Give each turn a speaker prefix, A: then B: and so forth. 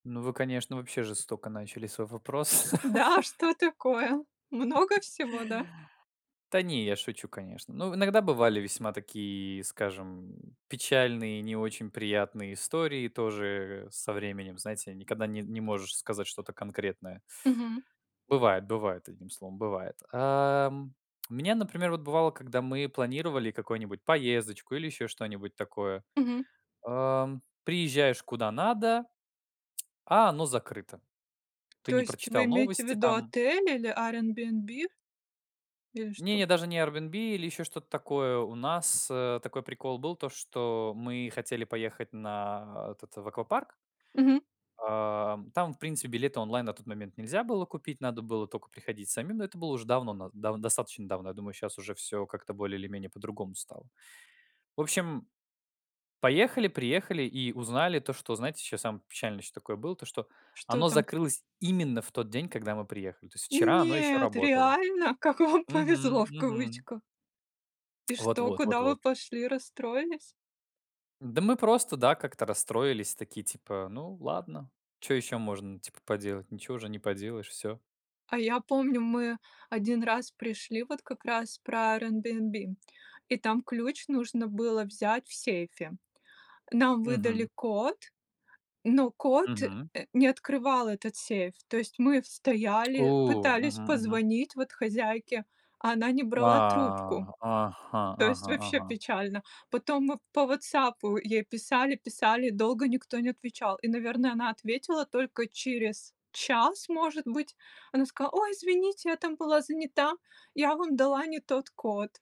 A: Ну, вы, конечно, вообще жестоко начали свой вопрос.
B: Да, а что такое? Много всего, да?
A: Та не, я шучу, конечно. Ну, иногда бывали весьма такие, скажем, м, печальные, не очень приятные истории тоже, э, со временем, знаете, никогда не не можешь сказать что-то конкретное.
B: Мгм.
A: Бывает, бывает, одним словом бывает. Эм, у меня, например, вот бывало, когда мы планировали какой-нибудь поездочку или еще что-нибудь такое.
B: Мгм.
A: Ам, приезжаешь куда надо, а оно закрыто. Ты
B: То
A: не
B: есть вы
A: прочитал
B: имеете в
A: новости
B: виду
A: там
B: отель или Airbnb? Или что?
A: Не-не, даже не Airbnb или еще что-то такое. У нас, э, такой прикол был, то, что мы хотели поехать на, а, этот в аквапарк.
B: Мгм.
A: Ам, там, в принципе, билеты онлайн на тот момент нельзя было купить, надо было тока приходить самим. Но это было уже давно, нав дав достаточно давно. Я думаю, сейчас уже всё как-то более или менее по-другому стало. В общем, поехали, приехали и узнали то, что, знаете, сейчас самое печальное, что такое было: то, что
B: Что
A: оно
B: там?
A: закрылось именно в тот день, когда мы приехали. То есть вчера оно ещё
B: Нет
A: работало.
B: реально? Как вам повезло,
A: Мгм,
B: в
A: мгм.
B: кавычках. И что,
A: Вот-вот,
B: куда вы
A: вот-вот.
B: пошли? Расстроились?
A: Да мы просто, да, как-то расстроились, такие типа: "Ну ладно, чё ещё можно, типа, поделать? Ничего уже не поделаешь, всё".
B: А я помню, мы 1 раз пришли, вот как раз про Airbnb, и там ключ нужно было взять в сейфе. Нам выдали
A: Мгм.
B: код, но код,
A: Мгм.
B: э, не открывал этот сейф. То есть мы стояли,
A: О,
B: пытались
A: мгм, мгм.
B: позвонить, вот, хозяйке, а она не
A: Ва,
B: брала трубку.
A: ага,
B: То есть
A: ага,
B: вообще
A: ага.
B: печально. Потом мы по "Ватсапу" ей писали, писали, долго никто не отвечал. И, наверно, она ответила только через час, может быть. Она сказала: "Ой, извините, я там была занята. Я вам дала не тот код".